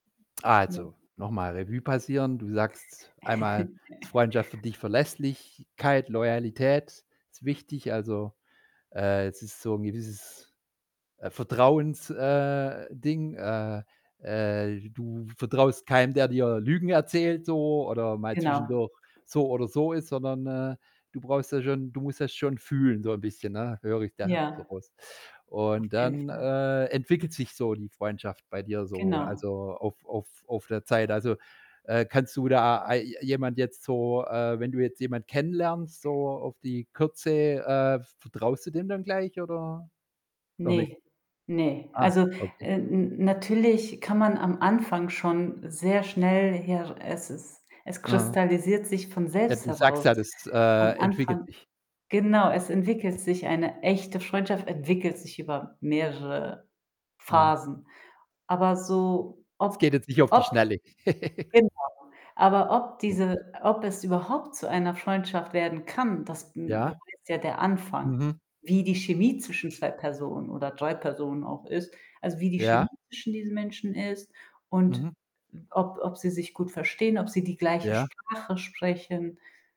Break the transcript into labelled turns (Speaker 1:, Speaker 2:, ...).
Speaker 1: Ja.
Speaker 2: Also, nochmal Revue passieren. Du sagst einmal, Freundschaft für dich, Verlässlichkeit, Loyalität ist wichtig. Also, äh, es ist so 'n gewisses, äh, Vertrauens äh, Ding. Äh äh, du vertraust keinem, der dir Lügen erzählt so oder mal
Speaker 1: Genau.
Speaker 2: zwischendurch so oder so ist, sondern, äh, du brauchst ja schon du musst das schon fühlen so 'n bisschen, ne, höre ich da so
Speaker 1: Ja.
Speaker 2: raus
Speaker 1: Auf
Speaker 2: und
Speaker 1: jeden
Speaker 2: dann,
Speaker 1: Fall.
Speaker 2: äh, entwickelt sich so die Freundschaft bei dir so,
Speaker 1: Genau.
Speaker 2: also, auf auf auf der Zeit. Also, äh, kannst du da ei je jemand jetzt so äh, wenn du jetzt jemand kennenlernst so auf die Kürze, äh, v vertraust du dem dann gleich oder noch nicht?
Speaker 1: Ne, ne.
Speaker 2: Ah,
Speaker 1: Also,
Speaker 2: okay.
Speaker 1: äh, n natürlich kann man am Anfang schon sehr schnell her es ist es
Speaker 2: Aha.
Speaker 1: kristallisiert sich von
Speaker 2: Ja,
Speaker 1: selbst
Speaker 2: du sagst
Speaker 1: heraus.
Speaker 2: ja, das, äh,
Speaker 1: Am
Speaker 2: entwickelt
Speaker 1: Anfang
Speaker 2: sich.
Speaker 1: genau, es entwickelt sich eine echte Freundschaft entwickelt sich über mehrere
Speaker 2: Mhm.
Speaker 1: Phasen. Aber so
Speaker 2: Es geht
Speaker 1: ob
Speaker 2: jetzt nicht auf die
Speaker 1: ob
Speaker 2: Schnelle.
Speaker 1: genau, aber ob
Speaker 2: [unintelligible]
Speaker 1: diese ob es überhaupt zu einer Freundschaft werden kann, das, hm,
Speaker 2: Ja?
Speaker 1: beweist ja der Anfang,
Speaker 2: Mhm.
Speaker 1: wie die Chemie zwischen 2 Personen oder 3 Personen auch ist, also, wie die
Speaker 2: Ja.
Speaker 1: Chemie zwischen diesen Menschen ist und
Speaker 2: Mhm.
Speaker 1: ob ob sie sich gut verstehen, ob sie die gleiche
Speaker 2: Ja.
Speaker 1: Sprache sprechen.